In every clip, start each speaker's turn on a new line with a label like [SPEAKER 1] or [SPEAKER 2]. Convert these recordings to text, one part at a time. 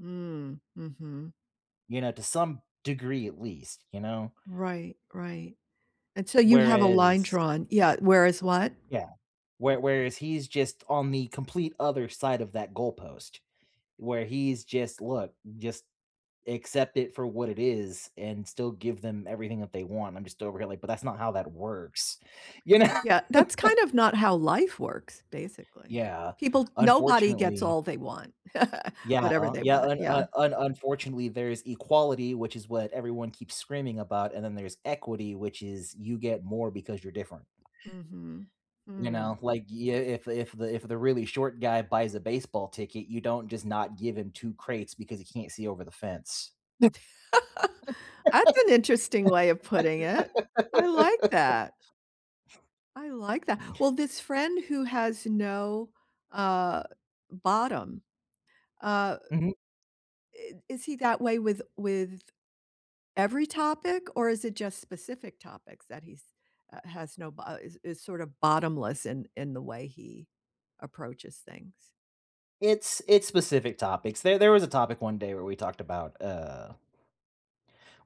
[SPEAKER 1] Mm, mhm.
[SPEAKER 2] You know, to some degree at least, you know
[SPEAKER 1] Right, right, and so you have a line
[SPEAKER 2] whereas
[SPEAKER 1] drawn Yeah, whereas what?
[SPEAKER 2] Yeah, where whereas he's, just, on the complete other side of that goalpost where he's, just look, just, accept it for what it is, and still give them everything that they want. I'm, just, over here, like, but that's not how that works, you know?
[SPEAKER 1] Yeah, that's, kind of, not how life works, basically.
[SPEAKER 2] Yeah,
[SPEAKER 1] People nobody gets
[SPEAKER 2] unfortunately.
[SPEAKER 1] all they want,
[SPEAKER 2] Yeah,
[SPEAKER 1] whatever
[SPEAKER 2] uh,
[SPEAKER 1] they
[SPEAKER 2] yeah,
[SPEAKER 1] want,
[SPEAKER 2] un uh,
[SPEAKER 1] yeah.
[SPEAKER 2] un unfortunately there is equality, which is what everyone keeps screaming about, and then there's equity, which is you get more because you're different.
[SPEAKER 1] Mhm,
[SPEAKER 2] You know,
[SPEAKER 1] mm.
[SPEAKER 2] like, yeah, if if the if the really short guy buys a baseball ticket, you don't, just, not give him 2 crates because he can't see over the fence.
[SPEAKER 1] That's an interesting way of putting it. I like that. I like that. Well, this friend who has no, uh, bottom, uh
[SPEAKER 2] Mhm.
[SPEAKER 1] i is he that way with with every topic, or is it, just, specific topics that he's uh, has no b uh, is is, sort of, bottomless in in the way he approaches things?
[SPEAKER 2] It's it's specific topics. There there was a topic one day where we talked about, uh,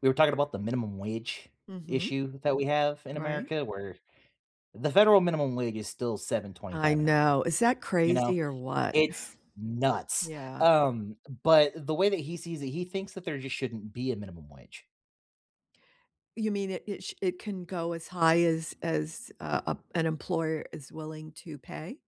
[SPEAKER 2] we were talking about the minimum wage
[SPEAKER 1] Mhm.
[SPEAKER 2] issue that we have in
[SPEAKER 1] Right.
[SPEAKER 2] America where the federal minimum wage is still seven
[SPEAKER 1] I
[SPEAKER 2] twenty-five an hour.
[SPEAKER 1] know, is that
[SPEAKER 2] You know,
[SPEAKER 1] crazy or what?
[SPEAKER 2] it's nuts,
[SPEAKER 1] Yeah.
[SPEAKER 2] um, but the way that he sees it, he thinks that there, just, shouldn't be a minimum wage.
[SPEAKER 1] You mean it it sh it can go as high as as, uh, ap an employer is willing to pay?